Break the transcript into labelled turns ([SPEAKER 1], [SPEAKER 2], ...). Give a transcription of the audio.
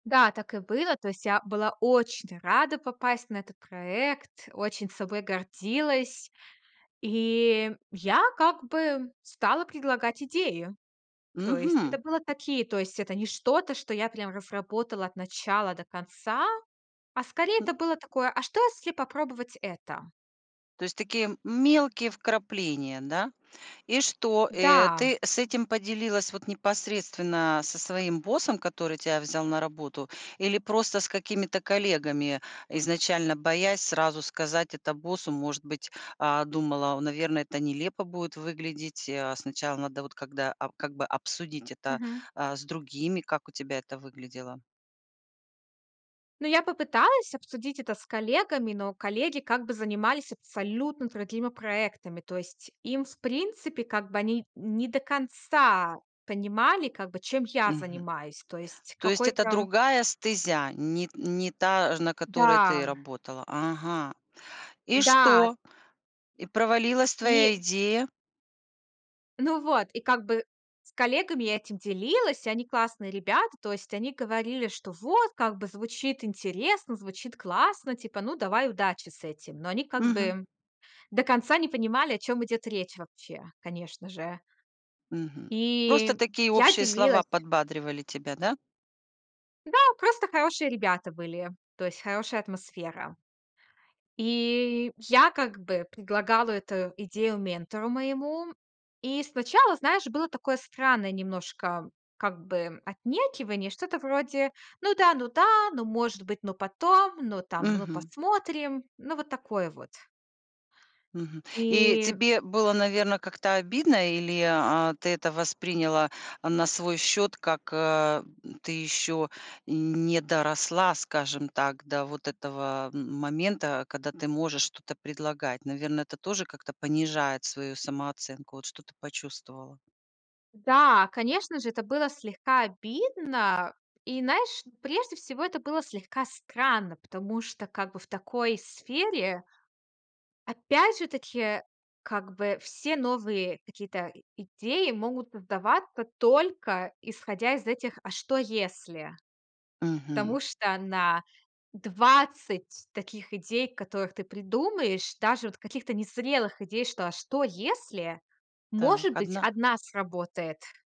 [SPEAKER 1] Да, так и было. То есть я была очень рада попасть на этот проект, очень собой гордилась. И я как бы стала предлагать идеи. То есть это
[SPEAKER 2] Мгм.
[SPEAKER 1] было такие То есть это не что-то, что я прям разработала от начала до конца, а скорее
[SPEAKER 2] А.
[SPEAKER 1] это было такое: "А что, если попробовать это?"
[SPEAKER 2] То есть такие мелкие вкрапления, да, и что, э,
[SPEAKER 1] Да.
[SPEAKER 2] ты с этим поделилась вот непосредственно со своим боссом, который тя взял на работу, или просто с какими-то коллегами, изначально боясь сразу сказать это боссу? Может быть, а, думала, наверно, это нелепо будет выглядеть, э, сначала надо вот когда ап как бы, обсудить это,
[SPEAKER 1] Мгм.
[SPEAKER 2] а, с другими, как у тебя это выглядело?
[SPEAKER 1] Ну, я попыталась обсудить это с коллегами, но коллеги, как бы, занимались абсолютно другими проектами. То есть им, в принципе, как бы, они не до конца понимали, как бы, чем я
[SPEAKER 2] Мгм.
[SPEAKER 1] занимаюсь. То есть
[SPEAKER 2] То есть это
[SPEAKER 1] какой-то
[SPEAKER 2] другая стезя, не не та, ж на которой ты
[SPEAKER 1] Да.
[SPEAKER 2] работала. Ага. И
[SPEAKER 1] Да.
[SPEAKER 2] что? И провалилась твоя
[SPEAKER 1] И
[SPEAKER 2] идея?
[SPEAKER 1] Ну вот, и, как бы, с коллегами я этим делилась, они классные ребята. То есть они говорили, что вот, как бы, звучит интересно, звучит классно, типа, ну, давай удачи с этим. Но они как
[SPEAKER 2] Мгм.
[SPEAKER 1] бы до конца не понимали, о чём идет речь вообще, конечно же.
[SPEAKER 2] Мгм. Просто
[SPEAKER 1] И
[SPEAKER 2] такие
[SPEAKER 1] я
[SPEAKER 2] общие слова
[SPEAKER 1] делилась
[SPEAKER 2] подбадривали тебя, да?
[SPEAKER 1] Да, просто хорошие ребята были, то есть хорошая атмосфера. И я, как бы, предлагала эту идею ментору моему. И сначала, знаешь, было такое странное немножко, как бы, отнекивание, что-то вроде: "Ну да, ну да, ну, может быть, но потом, ну, там, ну,
[SPEAKER 2] Мгм.
[SPEAKER 1] посмотрим". Ну вот такое вот.
[SPEAKER 2] Мгм. И
[SPEAKER 1] И
[SPEAKER 2] тебе было, наверно, как-то обидно, или, а, ты это восприняла, а, на свой счет, как: э, "Ты еще не доросла", скажем так, до вот этого момента, когда ты можешь что-то предлагать? Наверно, это тоже как-то понижает свою самооценку. Вот что-то почувствовала?
[SPEAKER 1] Да, конечно же, это было слегка обидно. И, знаешь, прежде всего это было слегка странно, потому что, как бы, в такой сфере опять же таки, как бы, все новые какие-то идеи могут создаваться только исходя из этих "а что если".
[SPEAKER 2] Мгм.
[SPEAKER 1] Потому что на 20 таких идей, которых ты придумаешь, даже вот каких-то незрелых идей, что "а что если",
[SPEAKER 2] Так,
[SPEAKER 1] может быть,
[SPEAKER 2] 1?
[SPEAKER 1] 1 сработает.